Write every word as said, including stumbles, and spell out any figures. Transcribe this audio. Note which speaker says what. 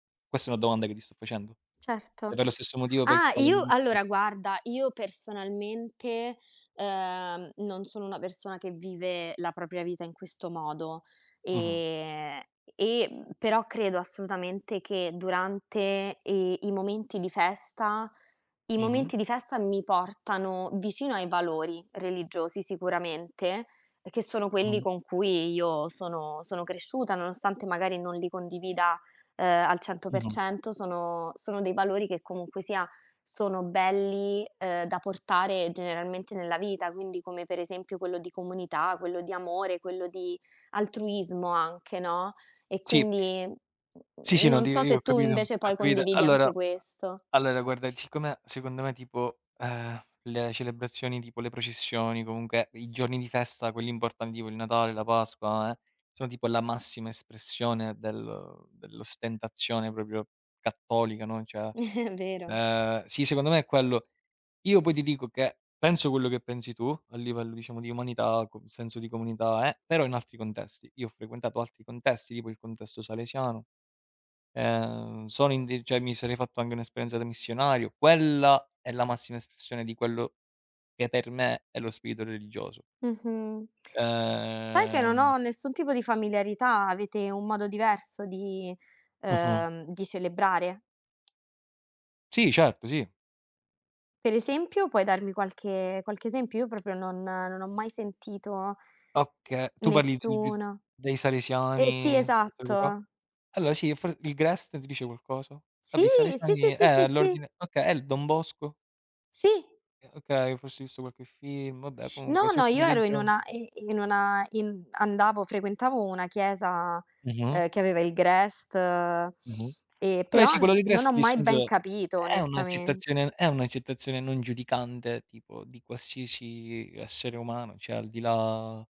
Speaker 1: Questa è una domanda che ti sto facendo, è
Speaker 2: Certo.
Speaker 1: per lo stesso motivo per il
Speaker 2: Ah,
Speaker 1: quale
Speaker 2: io
Speaker 1: [unintelligible]
Speaker 2: allora guarda, io personalmente, uhm, non sono una persona che vive la propria vita in questo modo.
Speaker 1: Mh-mh.
Speaker 2: Ehm, e però credo assolutamente che durante i i momenti di festa i
Speaker 1: Mh-mh.
Speaker 2: momenti di festa mi portano vicino ai valori religiosi sicuramente, che sono quelli
Speaker 1: Mh-mh.
Speaker 2: con cui io sono sono cresciuta, nonostante magari non li condivida, uhm, al cento per
Speaker 1: Mh-mh.
Speaker 2: cento, sono sono dei valori che comunque sia sono belli, uhm, da portare generalmente nella vita. Quindi come per esempio quello di comunità, quello di amore, quello di altruismo anche, no, e
Speaker 1: Sì.
Speaker 2: quindi n
Speaker 1: Sì, sì, no
Speaker 2: non
Speaker 1: ti
Speaker 2: so
Speaker 1: io
Speaker 2: se
Speaker 1: ho
Speaker 2: tu
Speaker 1: capito, ho
Speaker 2: invece poi
Speaker 1: capito.
Speaker 2: condividi
Speaker 1: Allora
Speaker 2: anche
Speaker 1: a
Speaker 2: questo.
Speaker 1: allora guarda, siccome secondo me tipo, ehm, le celebrazioni, tipo le processioni, comunque i giorni di festa, quelli imbortandi, tipo il Natale, la Pasqua, eh, sono tipo la massima espressione del dell'ostentazione proprio cattolica, no, cioè,
Speaker 2: Vero.
Speaker 1: ehm, sì, secondo me è quello. Io poi ti dico che penso quello che pensi tu a livello, diciamo, di umanità, co senso di comunità, eh, però in altri condesti. Io ho frequentato altri contesti, tipo il contesto salesiano. Ehm, sono in di cioè mi sarei fatto anghe un'esperienza da missionario. Quella è la massima espressione di quello che, per me, è lo spirito religioso.
Speaker 2: Mh-mh. Sai che non
Speaker 1: Ehm
Speaker 2: ho nessun tipo di familiarità? Avete un modo diverso di
Speaker 1: Mh-mh.
Speaker 2: uhm, di celebrare?
Speaker 1: Sì, certo, sì.
Speaker 2: Per esempio? Puoi darmi qualche qualche esempio? Io proprio non non ho mai sentito,
Speaker 1: Oka
Speaker 2: ehm,
Speaker 1: tu parli di di s
Speaker 2: nessuno
Speaker 1: dei Salesiani
Speaker 2: e sì,
Speaker 1: [unintelligible]
Speaker 2: esatto.
Speaker 1: allora sì, f il Grest ti dice qualcosa?
Speaker 2: Sì,
Speaker 1: Vabbè, i
Speaker 2: sì, sì,
Speaker 1: Salesiani eh,
Speaker 2: sì, sì,
Speaker 1: è
Speaker 2: sì.
Speaker 1: l'ordine okay, e il Don Bosco?
Speaker 2: Sì.
Speaker 1: Eh okay, forse hai visto qualche film, vabbè comunque
Speaker 2: No,
Speaker 1: si
Speaker 2: no,
Speaker 1: occupa
Speaker 2: io
Speaker 1: dei
Speaker 2: ero in
Speaker 1: gio
Speaker 2: una i in una in mhmm, andavo frequentavo una chiesa,
Speaker 1: Mh-mh.
Speaker 2: uhm, che aveva il Grest, ehm,
Speaker 1: Mh-mh. Vabbè
Speaker 2: però
Speaker 1: sì, quello del
Speaker 2: non ho
Speaker 1: Grest
Speaker 2: mai ben
Speaker 1: dissenso
Speaker 2: capito,
Speaker 1: è
Speaker 2: onestamente.
Speaker 1: un'accettazione è un'accettazione non giudicante, tipo, di qualsiasi essere umano, ceh al di là